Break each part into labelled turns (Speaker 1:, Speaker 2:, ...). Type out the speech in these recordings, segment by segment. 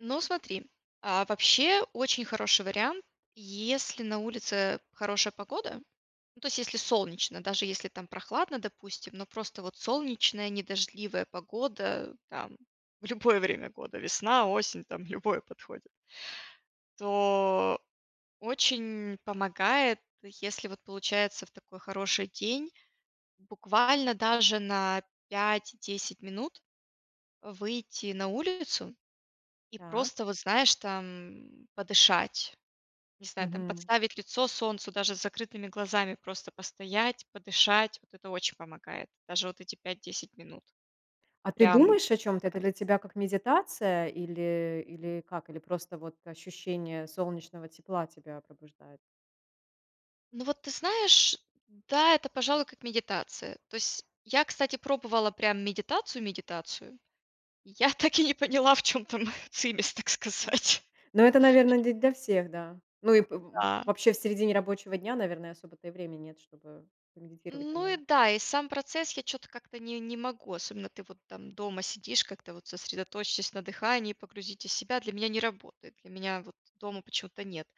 Speaker 1: Ну, смотри, а, вообще, очень хороший вариант: если на улице хорошая погода, ну, то есть если солнечно, даже если там прохладно, допустим, но просто вот солнечная, не дождливая погода, там любое время года, весна-осень, там любое подходит. То очень помогает, если вот получается в такой хороший день, буквально даже на 5-10 минут, э, выйти на улицу и
Speaker 2: Так.
Speaker 1: просто, вот, знаешь, там подышать. Не знаю, там
Speaker 2: Мгм.
Speaker 1: подставить лицо солнцу, даже с закрытыми глазами просто постоять, подышать. Вот это очень помогает. Даже вот эти 5-10 минут.
Speaker 2: А ты
Speaker 1: Прям
Speaker 2: думаешь о чём-то? Это
Speaker 1: [unintelligible]
Speaker 2: для тебя как медитация или или как? Или просто вот ощущение солнечного тепла тебя пробуждает?
Speaker 1: Ну вот ты знаешь, да, это, пожалуй, как медитация. То есть я, кстати, пробовала прям медитацию медитацию Я так и не поняла, в чем там цимес, так сказать.
Speaker 2: Ну это, наверно, не для всех, да. Ну и п э,
Speaker 1: Да.
Speaker 2: вообще, в середине рабочего дня, наверное, особо-то и времени нет, чтобы помедитировать
Speaker 1: Ну и
Speaker 2: нормально.
Speaker 1: да, и сам процесс я чё-то как-то не не могу особенно ты вот там дома сидишь как-то вот: "Сосредоточьтесь на дыхании, погрузитесь в себя." Для меня не работает. Для меня вот дома почему-то нет.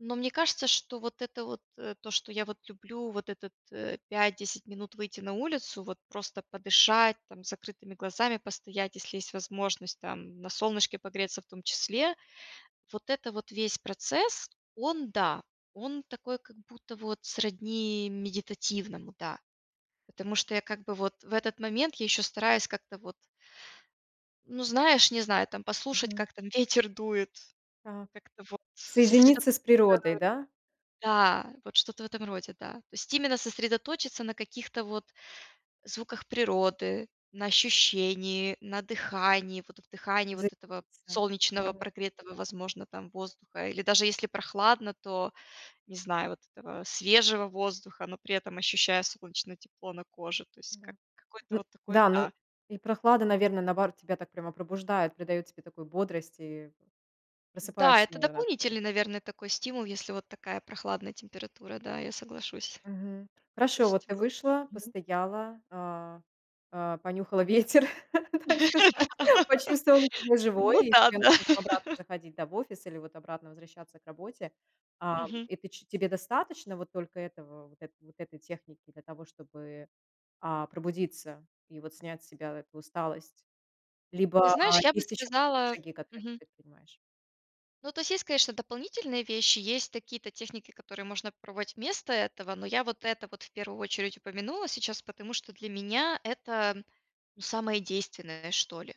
Speaker 1: Но мне кажется, что вот это вот, э, то, что я вот люблю, вот этот, э, 5-10 минут выйти на улицу, вот просто подышать там, с закрытыми глазами постоять, если есть возможность, там на солнышке погреться в том числе, вот это вот весь процесс- он, да, он такой, как будто вот сродни медитативному, да. Потому что я как бы вот в этот момент я ещё стараюсь как-то вот ну, знаешь, не знаю там, послушать
Speaker 2: Мгм.
Speaker 1: как там ветер дует,
Speaker 2: Так.
Speaker 1: как-то вот сосредоточиться
Speaker 2: Соединиться с природой, да?
Speaker 1: Да. Вот что-то в этом роде, да. То есть именно сосредоточиться на каких-то вот звуках природы, на ощущении, на дыхании. Вот вдыхании вот этого
Speaker 2: Заниматься.
Speaker 1: солнечного,
Speaker 2: Мгм.
Speaker 1: прогретого, возможно, там, воздуха или даже если прохладно, то, не знаю, вот этого свежего воздуха, но при этом, ощущая солнечное тепло на коже. То есть
Speaker 2: Да.
Speaker 1: как какое-то
Speaker 2: Ну
Speaker 1: вот такое
Speaker 2: да, ну
Speaker 1: Да.
Speaker 2: и прохлада, наверно, наоборот, тебя так прямо пробуждает, придает тебе такую бодрость, и в
Speaker 1: Да,
Speaker 2: просыпаешься,
Speaker 1: это
Speaker 2: наверно, от этого.
Speaker 1: дополнительный, наверное, такой стимул, если вот такая прохладная температура, да, я соглашусь.
Speaker 2: Мгм.
Speaker 1: То
Speaker 2: Хорошо, вот
Speaker 1: есть
Speaker 2: ты
Speaker 1: в
Speaker 2: вышла,
Speaker 1: Мгм.
Speaker 2: постояла, а, а, понюхала ветер, так сказать, почувствовала себя
Speaker 1: Да.
Speaker 2: живой,
Speaker 1: Ну
Speaker 2: и тебе
Speaker 1: да-да!
Speaker 2: нужно там обратно заходить, да, в офис или вот обратно возвращаться к работе. Ам,
Speaker 1: Мгм.
Speaker 2: и ты ч тебе достаточно вот только этого, вот это вот этой техники для того чтобы, а, пробудиться и вот снять с себя эту усталость.
Speaker 1: Ты
Speaker 2: Либо, а,
Speaker 1: знаешь, я бы
Speaker 2: есть ещё какие-то
Speaker 1: сказала
Speaker 2: шаги, которые ты
Speaker 1: Мгм.
Speaker 2: предпринимаешь?
Speaker 1: Ну, то есть есть, конечно, дополнительные вещи, есть такие-то техники, которые можно попробовать вместо этого, но я вот это вот в первую очередь упомянула сейчас, потому что для меня это, ну, самое действенное, что ли.